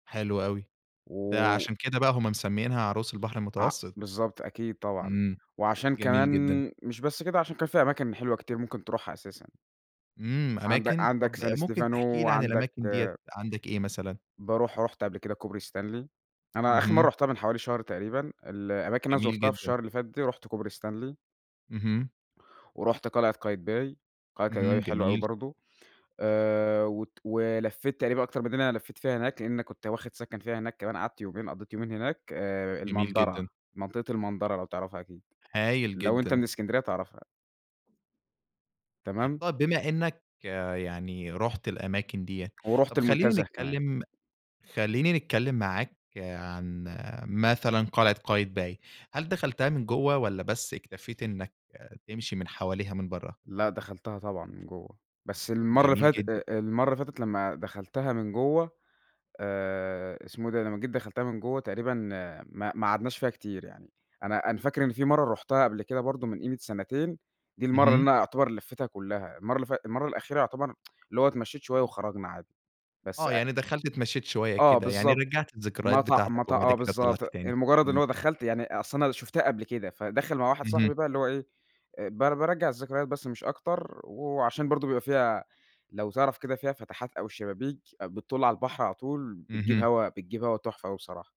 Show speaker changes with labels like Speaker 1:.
Speaker 1: حلو أوي. ده
Speaker 2: و
Speaker 1: عشان كده بقى هم مسمّيِنها عروس البحر
Speaker 2: آه،
Speaker 1: المتوسط؟
Speaker 2: بالضبط أكيد، طبعًا،
Speaker 1: امم،
Speaker 2: وعشان كمان
Speaker 1: جميل جدًا.
Speaker 2: مش بس كده، عشان كان في أماكن حلوة كتير ممكن تروحها أساسًا.
Speaker 1: امم،
Speaker 2: عند
Speaker 1: أماكن؟ طَب
Speaker 2: عندك سان
Speaker 1: ممكن
Speaker 2: ستيفانو،
Speaker 1: تحكي لي عن
Speaker 2: وعندك
Speaker 1: الأماكن دِيَّة عندك إيه مثلًا؟
Speaker 2: باروح رُحت قبل كده كوبري ستانلي. أنا آخر مرّة
Speaker 1: اهم.
Speaker 2: رُحتها من حوالي شهر تقريبًا، الأماكن اللي أنا
Speaker 1: جميل
Speaker 2: زُرْتها في
Speaker 1: جدًا.
Speaker 2: الشهر اللي فات ده، رُحْت كوبري ستانلي.
Speaker 1: اهم.
Speaker 2: ورُحْت قلعة قايتباي، قلعة
Speaker 1: اهم،
Speaker 2: قايتباي حلوة أوي
Speaker 1: جميل.
Speaker 2: برضو. آآ، وت ولفِّيت تقريبًا أكتر من اللي أنا لفِّيت فيها هناك، لأن كنت واخد سكن فيها هناك كمان قعدت يومين، قَضِّيت يومين هناك. آآ،
Speaker 1: جميل
Speaker 2: المندَرَة،
Speaker 1: جدًا.
Speaker 2: منطقة المندَرَة لو تعرفها أكيد.
Speaker 1: هايل
Speaker 2: لو أنتَ
Speaker 1: جدًا.
Speaker 2: من إسكندرية هتعرفها. تمام؟
Speaker 1: طَب بما إنَّك يعني رُحت الأماكن دِيَّة،
Speaker 2: ورُحْت
Speaker 1: طَب خلِّيني
Speaker 2: المنتزه كمان.
Speaker 1: نتكلم خلِّيني نتكلم معاك عن مثلًا قلعة قايتباي. هل دخلتها من جوّه، والَّا بس اكتفيت إنّك تمشي من حواليها من برّه؟
Speaker 2: لأ، دخلتها طبعًا من جوَّه، بس المرّة اللي
Speaker 1: جميل
Speaker 2: فاتت
Speaker 1: جدًا.
Speaker 2: أ أ المرّة اللي فاتت لمّا دخلتها من جوّه آآ، اسمه إيه ده؟ لمّا جيت دخلتها من جوّه تقريبًا ما ما قعدناش فيها كتير يعني، أنا أنا فاكر إن في مرّة رُحْتها قبل كده برضو من قِيمة سنتين، دي المرّة اللي
Speaker 1: اهم.
Speaker 2: أنا يُعتبَر لفيتها كلّها، المّرة اللي فات المرّة الأخيرة يُعتبر اللي هو اتمشيت شوية وخرجنا عادي، بس
Speaker 1: آه،
Speaker 2: أ
Speaker 1: يعني دخلت اتمشيت شوية
Speaker 2: آه
Speaker 1: كده، يعني
Speaker 2: بالضبط،
Speaker 1: رجّعت الذكريات
Speaker 2: مط
Speaker 1: بتاعتك
Speaker 2: مط
Speaker 1: وبعد
Speaker 2: آه
Speaker 1: كده طلعت
Speaker 2: بالضبط،
Speaker 1: تاني.
Speaker 2: لمجرد اللي
Speaker 1: امم.
Speaker 2: هو دخلت يعني أصل أنا شُفْتها قبل كده، فداخل مع واحد
Speaker 1: اهم.
Speaker 2: صاحبي بقى اللي هو إيه، بار بارجّع الذكريات بس مش أكتر، وعشان برضو بيبقى فيها لو تعرف كده فيها فَتَحَات أو الشبابيك، بتطل على البحر على طول بتجيب
Speaker 1: اهم.
Speaker 2: هوا بتجيب هَوا تحفة أوي بصراحة.